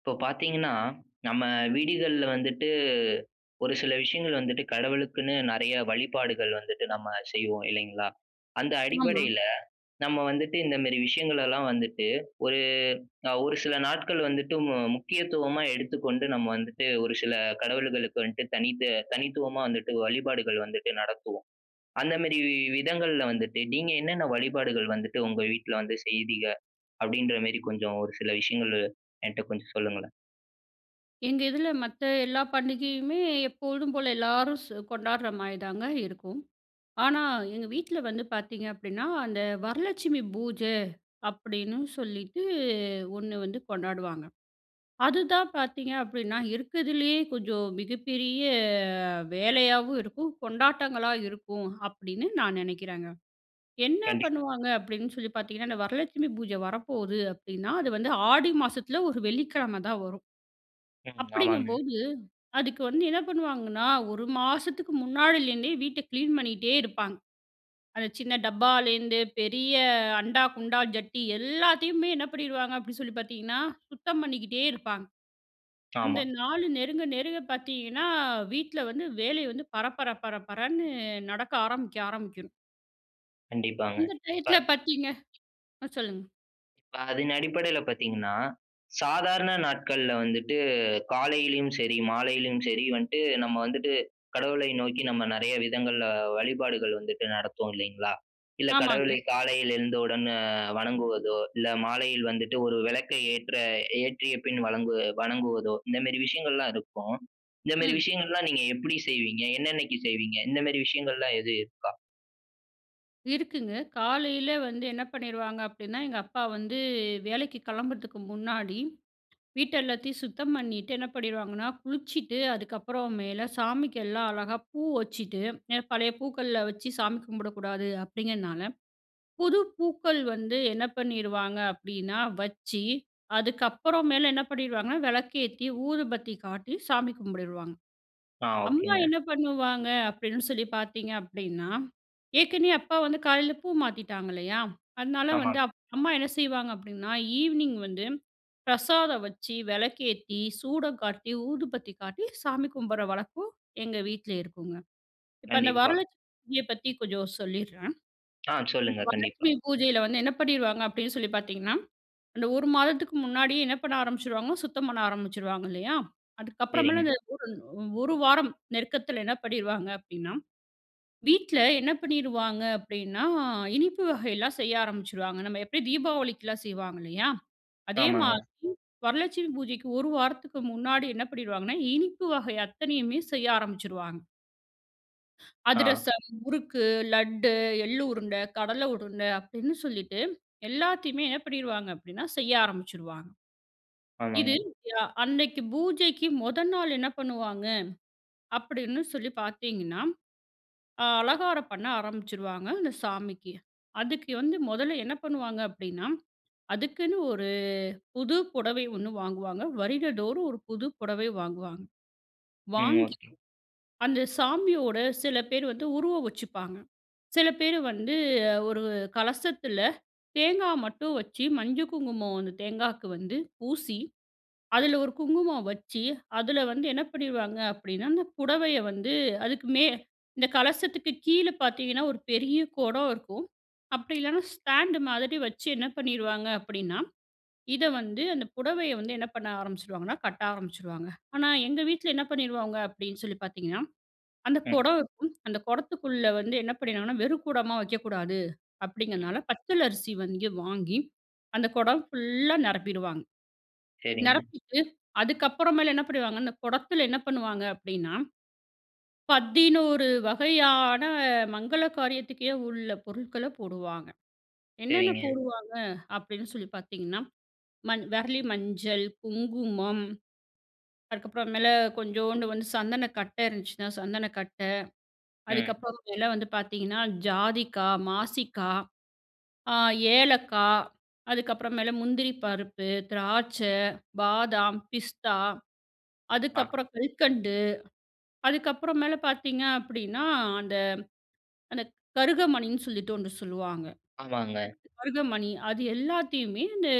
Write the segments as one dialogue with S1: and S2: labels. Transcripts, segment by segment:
S1: இப்போ பார்த்தீங்கன்னா, நம்ம வீடுகள்ல வந்துட்டு, ஒரு சில விஷயங்கள் வந்துட்டு கடவுளுக்குன்னு நெறைய வழிபாடுகள் வந்துட்டு நம்ம செய்வோம், இல்லைங்களா? அந்த
S2: ஆமா.
S1: அடிப்படைல, நம்ம வந்துட்டு இந்தமாரி விஷயங்கள் எல்லாம் வந்துட்டு ஒரு அ, ஒரு சில நாட்கள் வந்துட்டு மு முக்கியத்துவமா எடுத்துக்கொண்டு நம்ம வந்துட்டு, ஒரு சில கடவுள்களுக்கு வந்துட்டு தனித்து தனித்துவமா வந்துட்டு வழிபாடுகள் வந்துட்டு நடத்துவோம். அந்தமாரி வி-வி விதங்கள்ல வந்துட்டு, நீங்க என்னென்ன வழிபாடுகள் வந்துட்டு உங்க வீட்ல வந்து செய்வீங்க? அப்பிடின்றமாரி, கொஞ்சம் ஒரு சில விஷயங்கள், என்ட்ட கொஞ்சம் சொல்லுங்களேன்?
S2: எங்க இதில, மத்த எல்லா பண்டிகையுமே எப்பொழுதும் போல எல்லாரும் சொ கொண்டாட்ற மாரிதாங்க இருக்கும். ஆனா, எங்க வீட்ல வந்து பார்த்தீங்க அப்பிடின்னா, அந்த "வரலட்சுமி பூஜ" அப்பிடின்னு சொல்லிட்டு ஒண்ணு வந்து கொண்டாடுவாங்க. அதுதான் பார்த்தீங்க அப்பிடின்னா, இருக்கிறதிலேயே கொஞ்சம் மிகப்பெரிய வேலையாவும் இருக்கும். கொண்டாட்டங்களா இருக்கும், அப்பிடின்னு நான் நெனைக்கிறங்க. என்ன
S1: கண்டி
S2: பண்ணுவாங்க அப்பிடின்னு சொல்லி பார்த்தீங்கன்னா, அந்த வரலட்சுமி பூஜ வரப்போது அப்பிடின்னா, அது வந்து ஆடி மாசத்துல ஒரு வெள்ளிக்கிழம தான் வரும்.
S1: ம். ஆமாங்க.
S2: அப்பிடிங்கம்போது, அதுக்கு வந்து என்ன பண்ணுவாங்கன்னா, ஒரு மாசத்துக்கு முன்னாடிலேருந்தே வீட்ட கிளீன் பண்ணிட்டே இருப்பாங்க. அந்த சின்ன டப்பாலேருந்து பெரிய அண்டா, குண்டா ஜட்டி எல்லாத்தையுமே என்ன பண்ணிருவாங்க அப்பிடி சொல்லி பார்த்தீங்கன்னா, சுத்தம் பண்ணிக்கிட்டே இருப்பாங்க.
S1: ஆமா.
S2: அந்த நாலு நெருங்க, நெருங்க பார்த்தீங்கன்னா, வீட்ல வந்து வேலைய வந்து பரபர பரபரன்னு நடக்க ஆரம்பிக்கும் ஆரம்பிக்கணும்.
S1: கண்டிப்பாங்க.
S2: இந்த
S1: இப்ப.
S2: டையத்ல பார்த்தீங்க அ சொல்லுங்க.
S1: இப்ப அதன் அடிப்படைல பாத்தீங்கன்னா, சாதாரண நாட்கள்ல வந்துட்டு காலையிலயும் சரி, மாலையிலயும் சரி, வந்துட்டு நம்ம வந்துட்டு கடவுளை நோக்கி நம்ம நெறைய விதங்கள்ல வழிபாடுகள் வந்துட்டு நடத்துவோம் இல்லைங்களா? இல்ல கடவுளை
S2: ஆமாங்க.
S1: காலையில எழுந்தவுடன் அ வணங்குவதோ, இல்ல மாலையில் வந்துட்டு ஒரு வெளக்க ஏற்ற ஏற்றிய பின் வணங்கு- வணங்குவதோ. இந்த மேரி விஷயங்கள்லாம் இருக்கும். இந்த மேரி
S2: ம்.
S1: விஷயங்கள்லாம் நீங்க எப்படி செய்வீங்க? என்னென்னக்கி செய்வீங்க? இந்த மேரி விஷயங்கள்லாம் எது இருக்கா?
S2: இருக்குங்க. காலைல வந்து என்ன பண்ணிருவாங்க அப்டின்னா, எங்க அப்பா வந்து வேலைக்கு கிளம்புறதுக்கு முன்னாடி, வீட்டெல்லாத்தையும் சுத்தம் பண்ணிட்டு என்ன பண்ணிருவாங்கனா, குளிச்சிட்டு அதுக்கப்புறமேல சாமிக்கெல்லாம் அழகா பூ வச்சிட்டு, எ பழைய பூக்கள்ல வச்சு சாமி கும்பிடக்கூடாது அப்டிங்கனால, புது பூக்கள் வந்து என்ன பண்ணிருவாங்க அப்டினா வச்சு அதுக்கப்புறமேல என்ன பண்ணிருவாங்கனா, வெளக்கேத்தி, ஊதுபத்தி காட்டி, சாமி கும்ப்டிருவாங்க.
S1: ஆ.
S2: அம்மா
S1: ஓகேங்க.
S2: என்ன பண்ணுவாங்க அப்டின்னு சொல்லிப் பாத்தீங்க அப்டின்னா, ஏற்கனவே அப்பா வந்து காலைல பூ மாத்திட்டாங்க இல்லையா? அதுனால வந்து,
S1: ஆமாங்க.
S2: அப் அம்மா என்ன செய்வாங்க அப்டின்னா, ஈவ்னிங் வந்து பிரசாதம் வச்சி, வெளக்கேத்தி, சூடம் காட்டி, ஊதுபத்தி காட்டி சாமி கும்பிடுற வழக்கம் எங்க வீட்ல இருக்குங்க. இப்ப அந்த
S1: கண்டிப்பா.
S2: வரலட்சுமி பூஜைய பத்தி கொஞ்சம் சொல்லீர்றேன்.
S1: ஆ.
S2: இந்த
S1: சொல்லுங்க கண்டிப்பா.
S2: வரலட்சுமி பூஜையில வந்து என்ன பண்ணிருவாங்க அப்படின்னு சொல்லிப் பாத்தீங்கன்னா, அந்த 1 மாதத்துக்கு முன்னாடியே என்ன பண்ண ஆரம்பிச்சிருவாங்க சுத்தம் பண்ண ஆரம்பிச்சிருவாங்க இல்லையா? அதுக்கப்புறமேல
S1: சரிங்க.
S2: அந்த ஒரு ன் 1 வாரம் நெருக்கத்துல என்ன பண்ணிருவாங்க அப்டின்னா வீட்ல என்ன பண்ணிருவாங்க அப்படின்னா, இனிப்பு வகைலாம் செய்ய ஆரம்பிச்சிருவாங்க. நம்ம எப்டி தீபாவளிக்குலாம் செய்வாங்க இல்லையா? அதே
S1: ஆமாங்க.
S2: மாதிரி வரலட்சுமி பூஜைக்கு 1 வாரத்துக்கு முன்னாடி என்ன பண்ணிருவாங்கன்னா இனிப்பு வகை அத்தனையுமே செய்ய ஆரம்மிச்சிருவாங்க.
S1: ஆ.
S2: அதிரசம், முறுக்கு, லட்டு, எள்ளு உருண்ட, கடல உருண்ட அப்பிடின்னு சொல்லிட்டு, எல்லாத்தையுமே என்ன பண்ணிருவாங்க அப்பிடின்னா, செய்ய ஆரம்பிச்சிருவாங்க. இது
S1: ஆமாங்க.
S2: அ அன்னக்கி பூஜைக்கு மொத நாள் என்ன பண்ணுவாங்க அப்பிடின்னு சொல்லி பாத்தீங்கன்னா, அ அலங்காரம் பண்ண ஆரம்பிச்சுருவாங்க, அந்த சாமிக்கு. அதுக்கு வந்து 1ல என்ன பண்ணுவாங்க அப்பிடின்னா, அதுக்குன்னு ஒரு புது புடவை 1 வாங்குவாங்க. வருடந்தோறும் ஒரு புது புடவை வாங்குவாங்க.
S1: ம்.
S2: வாங்கி,
S1: ஓகே.
S2: அந்த சாமியோட, சில பேர் வந்து உருவம் வச்சுப்பாங்க. சில பேர் வந்து, ஒரு கலசத்தில தேங்கா மட்டும் வச்சு மஞ்சள் குங்குமம் அந்த தேங்காக்கு வந்து பூசி, அதில ஒரு குங்குமம் வச்சு, அதில வந்து என்ன பண்ணிருவாங்க அப்பிடின்னா, அந்த புடவைய வந்து அதுக்குமே இந்த கலசத்துக்கு கீழ பாத்தீங்கன்னா, ஒரு பெரிய குடம் இருக்கும். அப்பிடி இல்லன்னா, ஸ்டாண்டு மாதிரி வச்சு, என்ன பண்ணிருவாங்க அப்பிடின்னா, இத வந்து அந்த புடவைய வந்து என்ன பண்ண ஆரம்பிச்சுருவாங்கன்னா, கட்ட ஆரம்பிச்சுருவாங்க. ஆனா, எங்க வீட்ல என்ன பண்ணிருவாங்க அப்பிடின்னு சொல்லி பார்த்தீங்கன்னா, அந்த
S1: ம்.
S2: குடம் இருக்கும். அந்த குடத்துக்குள்ள வந்து என்ன பண்ணிருவாங்கன்னா, வெறும் குடமா வைக்கக்கூடாது
S1: ம்.
S2: அப்பிடிங்கிறதுனால, பச்சலரிசி வந்து வாங்கி, அந்த குடம் ஃபுல்லா நிரப்பிடுவாங்க.
S1: சரிங்க.
S2: நிரப்பிட்டு, அதுக்கப்புறமேலு என்ன பண்ணிடுவாங்க? இந்த குடத்தில என்ன பண்ணுவாங்க அப்பிடின்னா, 11 வகையான மங்கள காரியத்துக்கே உள்ள பொருட்கள போடுவாங்க. என்னென்ன
S1: சரிங்க.
S2: போடுவாங்க அப்பிடின்னு சொல்லி பார்த்தீங்கன்னா, மண் விரலி மஞ்சள், குங்குமம். அதுக்கப்புற மேல கொஞ்சோண்டு வந்து சந்தனக்கட்ட இருந்துச்சுன்னா சந்தனக்கட்ட.
S1: ம்.
S2: அதுக்கப்புறம் மேல வந்து பார்த்தீங்கன்னா, ஜாதிக்கா, மாசிக்கா, ஆ ஏலக்கா. அதுக்கப்புறம் மேல முந்திரி பருப்பு, திராட்சை, பாதாம், பிஸ்தா
S1: ஆமா.
S2: அதுக்கப்புறம் கல்கண்டு. அதுக்கப்புறம் மேல பார்த்தீங்க அப்பிடின்னா, அந்த, அந்த கருகமணின்னு சொல்லிட்டு 1 சொல்லுவாங்க.
S1: ஆமாங்க.
S2: கருகமணி அது எல்லாத்தையுமே இந்த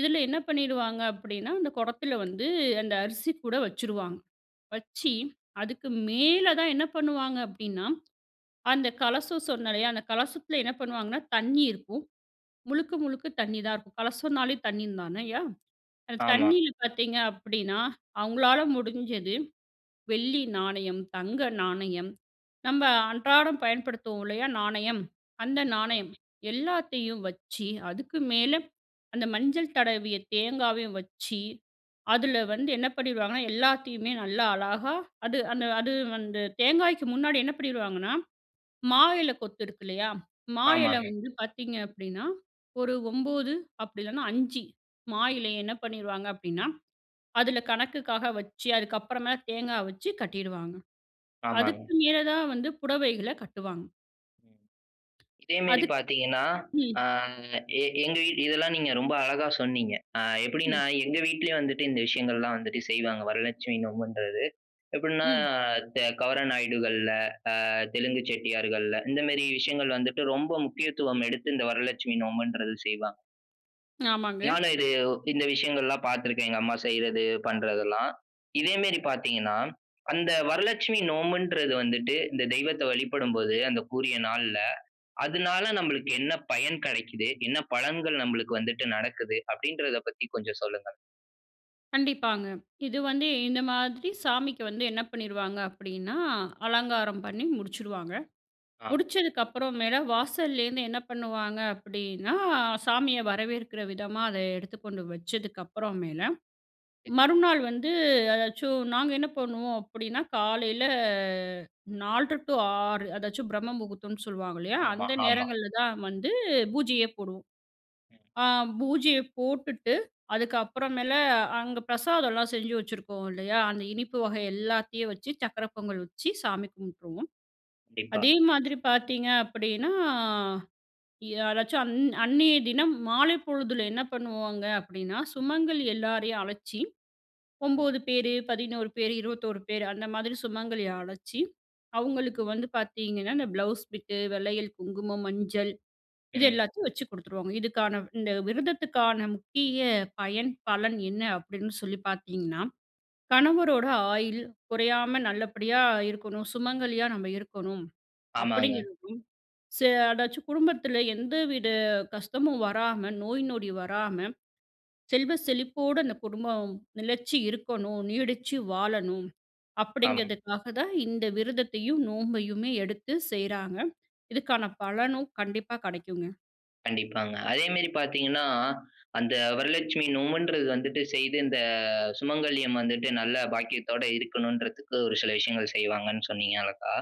S2: இதில என்ன பண்ணீடுவாங்க அப்பிடின்னா, அந்த குடத்தில வந்து அந்த அரிசிகூட வச்சுடுவாங்க. வச்சி
S1: ம்.
S2: அதுக்கு மேல தான் என்ன பண்ணுவாங்க அப்பிடின்னா, அந்த கலசம் சொன்னேன் இல்லயா? அந்த கலசத்தில என்ன பண்ணுவாங்கன்னா, தண்ணீ இருக்கும். முழுக்க, முழுக்க தண்ணீ தான் இருக்கும். கலசம்னாலே தண்ணீ தானய்யா! அந்த
S1: ஆமா.
S2: தண்ணியில பார்த்தீங்க அப்பிடின்னா, அவங்களால முடிஞ்சது வெள்ளி நாணயம், தங்க நாணயம். நம்ம அன்றாடம் பயன்படுத்துவோம் இல்லயா? நாணயம். அந்த நாணயம்
S1: ம்.
S2: எல்லாத்தையும் வச்சு, அதுக்கு மேல அந்த மஞ்சள் தடவிய தேங்காவையும் வச்சி, அதில வந்து என்ன பண்ணிருவாங்கன்னா, எல்லாத்தையுமே நல்லா அழகா அது அந்த அது வந்து தேங்காய்க்கு முன்னாடி என்ன பண்ணிருவாங்கன்னா, மா இல கொத்து இருக்கு, இல்லயா? மா இல
S1: ஆமாங்க.
S2: வந்து பார்த்தீங்க அப்பிடின்னா, ஒரு 9 அப்படி இல்லன்னா, 5 மா
S1: ம்.
S2: இலைய என்ன பண்ணிருவாங்க அப்பிடின்னா, அதில கணக்குக்காக வச்சு, அதுக்கு அப்புறமா தேங்கா வச்சு கட்டிடுவாங்க.
S1: ஆமாங்க.
S2: அதுக்கு மேல தான் வந்து புடவைகள கட்டுவாங்க.
S1: இதே மேரி
S2: அதுக்
S1: பாத்தீங்கன்னா, ஆ
S2: ம்.
S1: எ எங்க வீட் இதெல்லாம் நீங்க ரொம்ப அழகா சொன்னீங்க. ஆ எப்டீன்னா,
S2: ம்.
S1: எங்க வீட்டிலயும் வந்துட்டு இந்த விஷயங்கள்லாம் வந்துட்டு செய்வாங்க. வரலட்சுமி நோம்புன்றது. எப்புட்ன்னா
S2: ம்.
S1: த கவர நாயுடுகள்ல, ஆ தெலுங்கு செட்டியார்கள்ல இந்த மேரி விஷயங்கள் வந்துட்டு ரொம்ப முக்கியத்துவம் எடுத்து இந்த வரலட்சுமி நோம்புன்றது செய்வாங்க.
S2: ஆமாங்க.
S1: நானும் இது, இந்த விஷயங்கள்லாம் பாத்துருக்கேன். எங்க அம்மா செய்றது, பண்றதுல்லாம். இதே மேரி பாத்தீங்கன்னா, அந்த வரலட்சுமி நோம்புன்றது வந்துட்டு, இந்த தெய்வத்த வழிபடும்போது அந்தக்குரிய நாள்ல, அதனால நம்மளுக்கு என்ன பயன் கடைக்கிது? என்ன பலன்கள் நம்மளுக்கு வந்துட்டு நடக்குது? அப்டீன்றத பத்தி கொஞ்சம் சொல்லுங்க.
S2: கண்டிப்பாங்க. இது வந்து இந்த மாதிரி சாமிக்கு வந்து என்ன பண்ணிருவாங்க அப்டீன்னா, அலங்காரம் பண்ணி முடிச்சிடுவாங்க.
S1: ஆ.
S2: முடிச்சதுக்கப்பறமேல, வாசலேருந்து என்ன பண்ணுவாங்க அப்டீன்னா சாமிய வரவேற்கிற விதமா அத எடுத்து கொண்டு வச்சதுக்கப்பறமேல,
S1: [unintelligible]
S2: மறுநாள் வந்து அதாச்சும் நாங்க என்ன பண்ணுவோம் அப்டீன்னா, காலையில 4.30 டூ 6 அதாச்சும் பிரம்ம முகூர்த்தம்னு சொல்லுவாங்க இல்லயா?
S1: ஆமா,
S2: அந்த
S1: ஆமா.
S2: நேரங்கள்ல தான் வந்து, பூஜையே போடுவோம்.
S1: ம்.
S2: அ பூஜைய போட்டுட்டு அதுக்கு அப்பறமேல அங்க பிரசாதம்லாம் செஞ்சு வச்சுருக்கோம் இல்லையா? அந்த இனிப்பு வகை எல்லாத்தையும் வச்சு சக்கரை பொங்கல் வச்சு சாமி கும்ப்ட்டுருவோம்.
S1: கண்டிப்பா.
S2: அதே மாதிரி பாத்தீங்க அப்டீன்னா யாராச்சும் அந் அந்நிய தினம் மாலை பொழுதுல என்ன பண்ணுவாங்க அப்டீன்னா, சுமங்கலி எல்லாரயும் அழச்சி
S1: ம்.
S2: 9 பேரு, 11 பேரு, 21 பேரு அந்த மாதிரி சுமங்கலி அழச்சு, அவுங்களுக்கு வந்து பாத்தீங்கன்னா, இந்த ப்ளவுஸ் பிட்டு வளயில், குங்குமம், மஞ்சள். இது
S1: ம்.
S2: எல்லாத்தயும் வச்சு குடுத்துருவாங்க. இதுக்கான இந்த விரதத்துக்கான முக்கிய பயன், பலன் என்ன அப்டீன்னு சொல்லி பாத்தீங்கன்னா, கணவரோட ஆயுள் குறையாம நல்லபடியா இருக்கணும், சுமங்கலியா நம்ம இருக்கணும்
S1: ஆமாங்க.
S2: அப்டீங்குறதும், ஸ அதாச்சும் குடும்பத்துல எந்தவித கஷ்டமும் வராம, நோய் நொடி வராம, செல்வ செழிப்போட அந்த குடும்பம் நெலைச்சி இருக்கணும், நீடிச்சி வாழணும்
S1: ஆமாங்க.
S2: அப்டீங்கிறதுக்காக தான் இந்த விரதத்தையும் நோம்பையுமே எடுத்து செய்றாங்க. இதுக்கான பலனும் கண்டிப்பா கடைக்குங்க.
S1: கண்டிப்பாங்க. அதே மேரி பார்த்தீங்கன்னா, அந்த வரலட்சுமி நோம்முன்றது வந்துட்டு செய்து, இந்த சுமங்கல்யம் வந்துட்டு, நல்ல பாக்கியத்தோட இருக்கணும்டுறதுக்கு, ஒரு சில விஷயங்கள செய்வாங்கண்ணு சொன்னீங்க அழகா.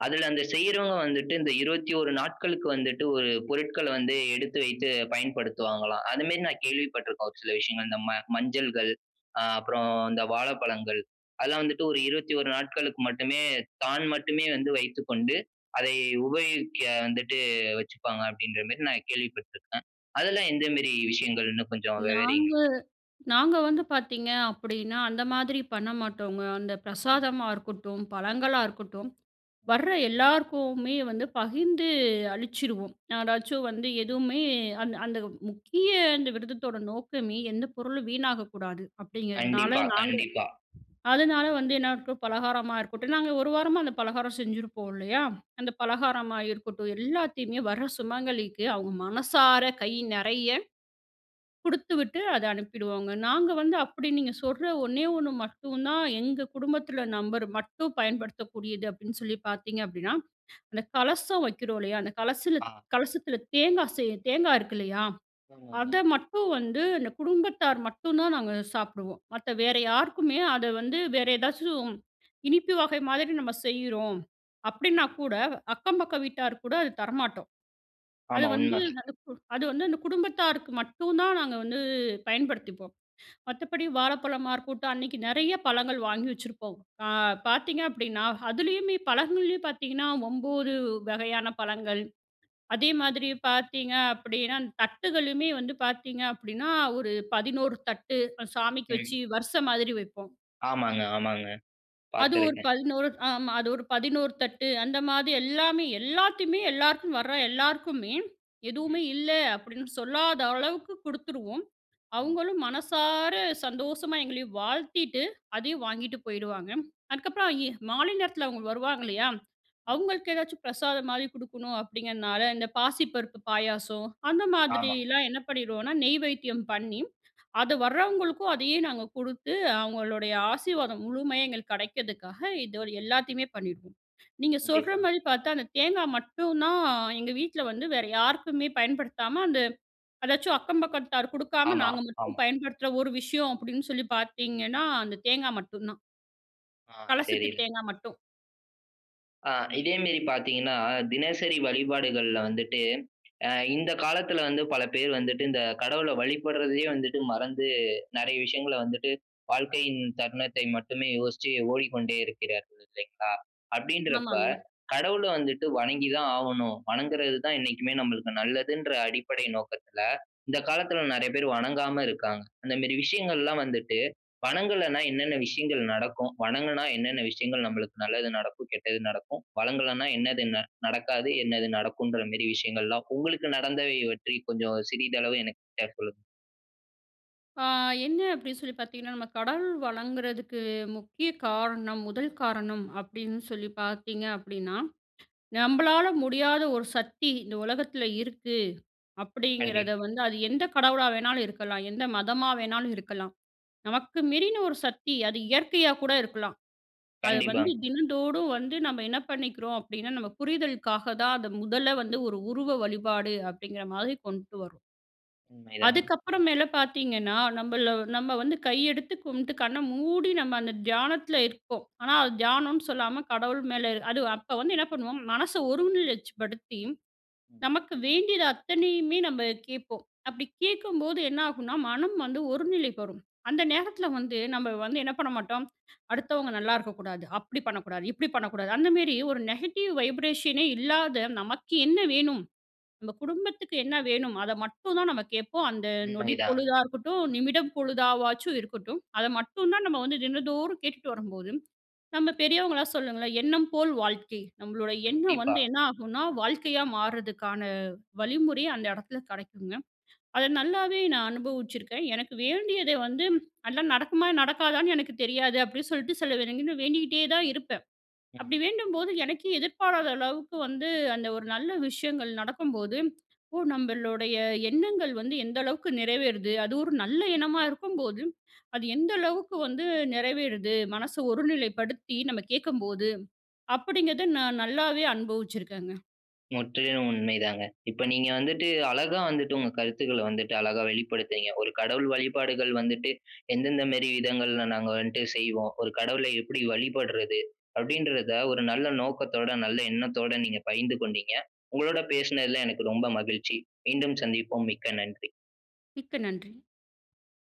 S1: அதில அந்த செய்யிறவங்க வந்துட்டு, இந்த 21 நாட்களுக்கு வந்துட்டு, ஒரு பொருட்கள வந்து எடுத்து வைத்து பயன்படுத்துவாங்களாம். அது மேரி நான் கேள்வி பட்டுருக்கோ, ஒரு சில விஷயங்கள். இந்த ம மஞ்சள்கள். அ அப்புறம் இந்த வாழப்பழங்கள். அதெல்லாம் வந்துட்டு 1 21 நாட்களுக்கு மட்டுமே தான் மட்டுமே வந்து வைத்துக்கொண்டு, அதை உபயோகிக்க வந்துட்டு வச்சுப்பாங்க, அப்டின்ற மேரி, நான் கேள்வி பட்டுருக்கேன். அதெல்லாம் எந்த மேரி விஷயங்கள்ன்னு கொஞ்சம் விவரிங்க.
S2: நாங்க நாங்க வந்து பார்த்தீங்க அப்பிடீன்னா, அந்த மாதிரி பண்ண மாட்டோங்க. அந்த பிரசாதமா இருக்கட்டும், பழங்களா இருக்கட்டும், வர்ற எல்லாருக்குமே வந்து பகிர்ந்து அளிச்சிருவோம். யாராச்சும் வந்து எதுவுமே அந்த அந்த முக்கிய இந்த விரதத்தோட நோக்கமே, எந்த பொருளும் வீணாகக்கூடாது அப்பிடீங்கிறதுனால,
S1: கண்டிப்பா,
S2: நாங்க
S1: கண்டிப்பா
S2: அதனால வந்து என்ன இருக்கும்? பலகாரமா இருக்கட்டும், நாங்க ஒரு வாரமா, அந்த பலகாரம் செஞ்சிருப்போம் இல்லையா? அந்த பலகாரமா இருக்கட்டும். எல்லாத்தையுமே வர சுமங்கலிக்கு, அவுங்க மனசார கை நெறைய குடுத்துவிட்டு, அத அனுப்பிடுவோங்க. நாங்க வந்து அப்டி நீங்க சொல்ற ஒண்ணே ஒண்ணு மட்டும் தான், எங்க குடும்பத்துல நபர் மட்டும் பயன்படுத்தக்கூடியது அப்டீன்னு சொல்லி பார்த்தீங்க அப்பிடீன்னா. அந்த கலசம் வைக்கிறோம், இல்லையா? அந்த கலசல
S1: ஆ.
S2: கலசத்துல தேங்கா செய்ய தேங்கா இருக்கு இல்லையா? அத
S1: ஆமாங்க.
S2: மட்டும் வந்து, அந்த குடும்பத்தார் மட்டும் தான் நாங்க சாப்புடுவோம். மத்த வேற யாருக்குமே, அத வந்து வேற ஏதாச்சும் இனிப்பு வகை மாதிரி நம்ம செய்றோம், அப்டீன்னா கூட அக்கம் பக்க வீட்டார்க்கு கூட அது தரமாட்டோம். அது
S1: ஆமா
S2: வந்து
S1: உண்மைதா.
S2: அ கு அது வந்து அந்த குடும்பத்தாருக்கு மட்டும் தான் நாங்க வந்து பயன்படுத்திப்போம். மத்தபடி வாழைப்பழமா இருக்கட்டும். அன்னைக்கு நெறைய பழங்கள் வாங்கி வச்சிருப்போம். அ பார்த்தீங்க அப்டீன்னா, அதுலேயுமே பழங்கள்லேயும் பார்த்தீங்கன்னா, 9 வகையான பழங்கள். அதே மாதிரி பார்த்தீங்க அப்பிடீனா, தட்டுகளுமே வந்து பார்த்தீங்க அப்டீனா, 1 11 தட்டு சாமிக்கு
S1: ம்.
S2: வச்சு, வரிச மாரி வைப்போம்.
S1: ஆமாங்க. ஆமாங்க.
S2: அது 1
S1: பார்த்துருக்கேன்.
S2: 11 ஆமா அது ஒரு 11 தட்டு அந்த மாரி எல்லாமே, எல்லாத்தையுமே, எல்லாருக்கும் வர எல்லாருக்குமே,
S1: ம்.
S2: எதுவுமே இல்ல அப்டீன்னு சொல்லாத அளவுக்கு குடுத்துருவோம். அவுங்களும் மனசார சந்தோஷமா எங்களையும் வாழ்த்திட்டு, அதையும் வாங்கிட்டு போயிடுவாங்க. அதுக்கப்புறம் எ மாலை நேரத்தில அவுங்க வருவாங்கல்லையா? அவங்களுக்கு ஏதாச்சும் பிரசாதம் மாரி குடுக்கணும் அப்டீங்கிறனால, இந்த பாசிப்பருப்பு பாயாசம். அந்த
S1: ஆமாங்க.
S2: மாதிரிலாம் என்ன பண்ணிடுவோனா, நெய்வேத்தியம் பண்ணி, அத வரவங்களுக்கும், அதையே நாங்க குடுத்து, அவுங்களுடைய ஆசீர்வாதம் முழுமையா எங்களுக்கு கிடைக்கிறதுக்காக இத எல்லாத்தையுமே பண்ணிடுவோம். நீங்க சொல்ற
S1: கண்டிப்பா.
S2: மாரி பார்த்தா, அந்த தேங்கா மட்டும் தான் எங்க வீட்ல வந்து வேற யாருக்குமே பயன்படுத்தாம அந்த அதாச்சும் அக்கம் பக்கத்தார்க்கு குடுக்காம,
S1: ஆமா,
S2: நாங்க மட்டும்
S1: ஆம்.
S2: பயன்படுத்துற ஒரு விஷயம் அப்டின்னு சொல்லி பார்த்தீங்கன்னா, அந்த தேங்கா மட்டுந்தான்.
S1: ஆ
S2: கலசத்து
S1: சரி.
S2: தேங்கா மட்டும்.
S1: ஆ, இதே மேரி பாத்தீங்கன்னா, தினசரி வழிபாடுகள்ல வந்துட்டு, ஆ இந்த காலத்துல வந்து பல பேர் வந்துட்டு, இந்த கடவுள வழிபடுறதையே வந்துட்டு, மறந்து நெறைய விஷயங்கள வந்துட்டு, வாழ்க்கையின் தருணத்தை மட்டுமே யோசிச்சு ஓடிக்கொண்டே இருக்கிறார்கள் இல்லைங்களா? அப்டின்றப்ப,
S2: ஆமாங்க.
S1: கடவுள வந்துட்டு வணங்கி தான் ஆவணும். வணங்குறது தான் என்னைக்குமே நம்மளுக்கு நல்லதுன்ற அடிப்படை நோக்கத்துல இந்த காலத்துல நெறைய பேர் வணங்காம இருக்காங்க. அந்தமேரி விஷயங்கள்லாம் வந்துட்டு, வணங்கலனா என்னென்ன விஷயங்கள் நடக்கும்? வணங்குனா என்னென்ன விஷயங்கள் நம்மளுக்கு நல்லது நடக்கும்? கெட்டது நடக்கும்? வணங்கலன்னா என்னது ந நடக்காது? என்னது நடக்கும்ன்ற மாரி விஷயங்கள் எல்லா, உங்களுக்கு நடந்தவை பற்றி கொஞ்சம் சிறிதளவு எனக்கிட்ட சொல்லுங்க.
S2: ஆ என்ன அப்டி சொல்லி பாத்திங்கனா, நம்ப கடவுள் வணங்குறதுக்கு முக்கிய காரணம், முதல் காரணம் அப்டின்னு சொல்லி பாத்தீங்க அப்டினா, நம்பளால முடியாத ஒரு சக்தி இந்த உலகத்தில இருக்கு. அப்டிங்கிறத
S1: கண்டிப்பா.
S2: வந்து. அது எந்த கடவுளா வேணாலு இருக்கலா, எந்த மதமா வேணாலு இருக்கலா. நமக்கு மீறின ஒரு சக்தி. அது இயற்கையா கூட இருக்கலாம். அது வந்து
S1: கண்டிப்பாங்
S2: தினந்தோடு வந்து நம்ம என்ன பண்ணிக்கிறோம்? அப்படின்னா நம்ம புரிதல்காக தான் அத முதல்ல வந்து ஒரு உருவ வழிபாடு அப்படிங்கிற மாதிரி கொண்டு வரோம்.
S1: உண்மைதாங்
S2: அதுக்கப்புற மேல பார்த்திங்கன்னா, நம்மள நம்ம வந்து கை எடுத்து கும்ட்டு கண்ண மூடி நம்ம அந்த தியானத்தில இருப்போம். ஆனா அது தியானம்னு சொல்லாம கடவுள் மேல அது அப்ப வந்து என்ன பண்ணுவோம். மனச ஒருநிலைச்சுபடுத்தி
S1: ம்.
S2: நமக்கு வேண்டியது அத்தனையுமே நம்ப கேட்போம். அப்படி கேட்கும்போது என்னாகும்னா மனம் வந்து ஒரு நிலைக்கு வரும். அந்த நேரத்தில வந்து நம்ம வந்து என்ன பண்ண மாட்டோம், அடுத்தவங்க நல்லாருக்கக்கூடாது, அப்டி பண்ணக்கூடாது, இப்டி பண்ணக்கூடாது அந்தமேரி ஒரு நெகட்டிவ் வைப்ரேஷனே இல்லாத, நமக்கு என்ன வேணும், நம்ம குடும்பத்துக்கு என்ன வேணும் அத மட்டும் தான் நம்ம கேட்போம். அந்த நொடி
S1: உண்மைதாங்க.
S2: பொழுதா இருக்கட்டும், நிமிடம் பொழுதாவாச்சு இருக்கட்டும். அத மட்டும் தான் நம்ம வந்து தினந்தோறும் கேட்டுட்டு வரும்போது, நம்ம பெரியவங்களா சொல்லுங்களே, எண்ணம் போல் வாழ்க்கை. நம்மளோட எண்ணம்
S1: கண்டிப்பா.
S2: வந்து என்ன ஆகும்னா, வாழ்க்கையா மாற்றதுக்கான வழிமுறை அந்த எடத்துல கெடைக்குங்க. அத நல்லாவே நா அனுபவிச்சிருக்கே. எனக்கு வேண்டியதை வந்து, ஆனா நடக்குமா நடக்காதான்னு எனக்கு தெரியாது. அப்டின்னு சொல்ட்டு சில தின வேண்டிகிட்டே தான் இருப்ப.
S1: ம்.
S2: அப்டிவேண்டும்போது, எனக்கே எதிர்பாராதளவுக்கு வந்து அந்த ஒரு நல்ல விஷயங்கள் நடக்கும்போது, ஓ! நம்மளுடைய எண்ணங்கள் வந்து எந்த அளவுக்கு நிறைவேறுது. அது ஒரு நல்ல எண்ணமா இருக்கும்போது, அது எந்த அளவுக்கு வந்து நெறைவேறுது, மனச ஒருநிலைப்படுத்தி நம்ம கேட்கும்போது, அப்படிங்கிறத நான் நல்லாவே அனுபவிச்சுருக்கேங்க.
S1: முற்றிலும் உண்மை தாங்க. இப்ப நீங்க வந்துட்டு, அழகா வந்துட்டு, உங்க கருத்துக்கள வந்துட்டு, அழகா வெளிப்படுத்துனீங்க. ஒரு கடவுள் வழிபாடுகள் வந்துட்டு எந்தெந்த மேரி விதங்கள்ல நாங்க வந்துட்டு செய்வோம். ஒரு கடவுளை எப்டி வழிபடுறது அப்டின்றத, ஒரு நல்ல நோக்கத்தோட, நல்ல எண்ணத்தோட நீங்க பகிர்ந்து கொண்டீங்க. உங்களோட பேசுனதுல எனக்கு ரொம்ப மகிழ்ச்சி மீண்டும் சந்திப்போம் மிக்க நன்றி.
S2: மிக்க நன்றி.